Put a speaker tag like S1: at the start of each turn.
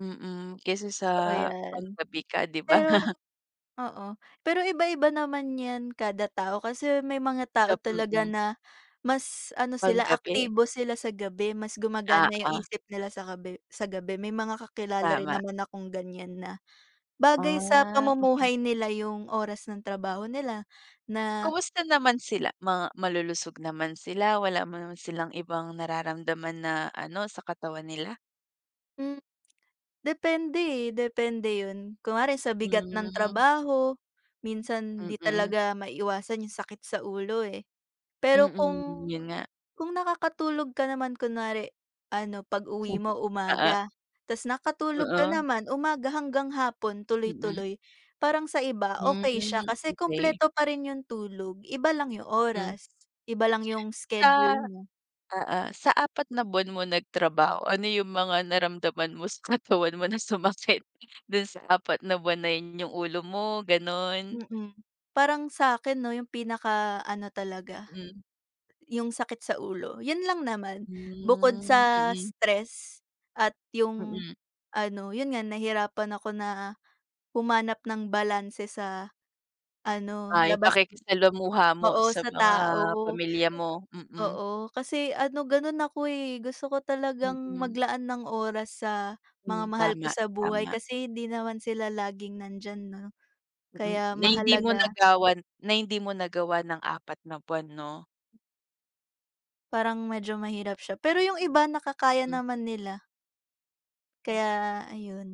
S1: Mm, kesa sa
S2: Totoo yan.
S1: panggabi ka, di ba
S2: Pero
S1: na
S2: oo. Pero iba-iba naman yan kada tao kasi may mga tao
S1: Sap
S2: talaga
S1: mm.
S2: na mas ano sila,
S1: Panggabi.
S2: aktibo sila sa gabi, mas
S1: Ah,
S2: gumagana yung
S1: ah.
S2: isip nila sa gabi sa gabi. May mga kakilala rin
S1: Tama.
S2: naman akong ganyan na bagay sa
S1: Ah, okey.
S2: pamumuhay nila yung oras ng trabaho nila na
S1: Kamusta naman sila? Ma malulusog naman sila? Wala naman silang ibang nararamdaman na ano, sa katawan nila?
S2: Hmm. Depende, eh, depende yun. Kunwari sa bigat ng
S1: Hmm.
S2: trabaho, minsan 'di
S1: Mm.
S2: talaga maiiwasan yung sakit sa ulo, eh. Pero
S1: Mm,
S2: kung
S1: yun nga.
S2: kung nakakatulog ka naman kunwari ano, pag-uwi mo
S1: Oo.
S2: umaga tas nakatulog ka
S1: Oo.
S2: naman, umaga hanggang hapon
S1: Mm.
S2: tuloy-tuloy, parang sa iba
S1: Hmm,
S2: okey siya kasi
S1: okey.
S2: kumpleto pa rin yung tulog, iba lang yung
S1: Hmm.
S2: oras. Iba lang yung
S1: Sa
S2: schedule mo.
S1: oo. Sa 4 na buwan mo nagtrabaho, ano yung mga naramdaman mo sa katawan mo na sumakit do'n sa 4 na buwan na yun? Yung ulo mo, gano'n?
S2: Mm. Parang sakin 'no, yung pinaka ano talaga,
S1: Hmm.
S2: yung sakit sa ulo. Yun lang naman. Bukod
S1: Hmm,
S2: sa
S1: mm.
S2: stress at yung
S1: Mm.
S2: ano, yun nga, nahirapan ako na humanap ng balanse sa, ano,
S1: Ah, yung
S2: labas
S1: pakikisalamuha mo
S2: oo,
S1: sa
S2: sa
S1: mga
S2: tao.
S1: pamilya mo. Mm.
S2: Oo, kasi ano, gano'n ako, eh. Gusto ko talagang
S1: Mm.
S2: maglaan ng oras sa mga
S1: Hmm,
S2: mahal ko
S1: tama,
S2: sa buhay
S1: tama.
S2: kasi hindi naman sila laging nandiyan 'no.
S1: Hmm,
S2: Kaya
S1: na hindi mo
S2: mahalaga
S1: nagawan na hindi mo nagawa ng 4 na buwan 'no?
S2: Parang medyo mahirap siya, pero yung iba nakakaya
S1: Hmm.
S2: naman nila.
S1: Hmm.
S2: Kaya, ayun.